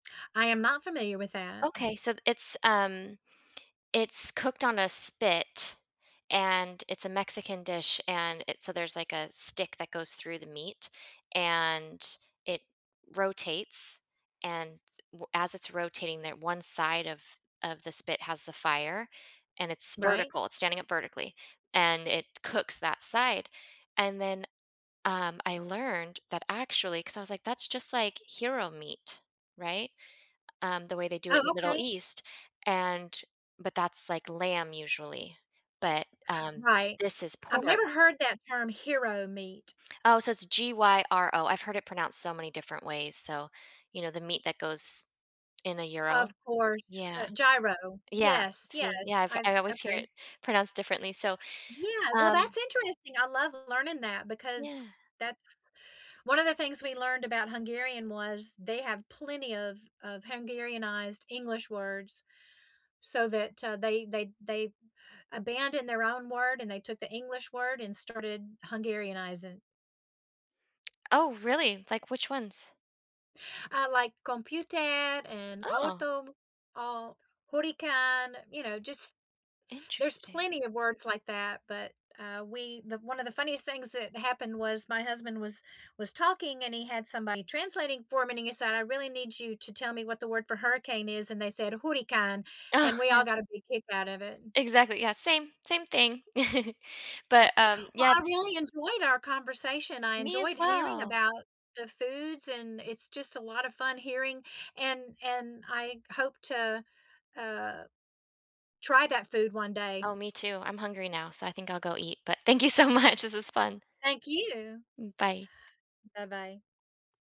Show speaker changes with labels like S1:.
S1: I am not familiar with that. Mm.
S2: Okay, so it's, um it's cooked on a spit, and it's a Mexican dish, and it so there's, like, a stick that goes through the meat, and it rotates, and w as it's rotating, that one side of of the spit has the fire, and it's
S1: Right.
S2: vertical, it's standing up vertically, and it cooks that side, and then, um, I learned that actually 'cause I was like, that's just like hero meat, right? Um, the way they do it
S1: Oh,
S2: in the Middle
S1: okay.
S2: East, and but that's, like, lamb usually, but, um,
S1: Right.
S2: this is
S1: I've
S2: por
S1: never heard that term "hero meat."
S2: Oh, so it's G-Y-R-O. I've heard it pronounced so many different ways, so, you know, the meat that goes in a gyro.
S1: Of course,
S2: Yeah.
S1: uh, gyro.
S2: Yeah.
S1: Yes, yes,
S2: See, yeah. I've
S1: I've
S2: I always hear it
S1: Okay.
S2: pronounced differently, so,
S1: Yeah, well,
S2: um
S1: that's interesting. I love learning that,
S2: Yeah.
S1: because that's One of the things we learned about Hungarian was they have plenty of of Hungarianized English words so that, uh, they they they abandoned their own word, and they took the English word, and started Hungarianizing.
S2: Oh, really? Like, which ones?
S1: Uh, like,, "computer" and
S2: Oh.
S1: "auto," all "hurricane," you know, just There's
S2: Interesting.
S1: plenty of words like that, but, uh, we the One of the funniest things that happened was my husband was was talking and he had somebody translating for him, and he said, "I really need you to tell me what the word for hurricane is," and they said, hurrikán,
S2: Oh,
S1: and we
S2: yeah.
S1: all got a big kick out of it.
S2: Exactly, yeah. Same, same thing. But, um,
S1: Well,
S2: yeah,
S1: I
S2: th
S1: really enjoyed our conversation. I
S2: Me, as
S1: enjoyed hearing
S2: well.
S1: about the foods, and it's just a lot of fun hearing and and I hope to, uh, try that food one day.
S2: Oh, me too. I'm hungry now, so I think I'll go eat. But, thank you so much. This was fun.
S1: Thank you.
S2: Mm, bye.
S1: Bye-bye.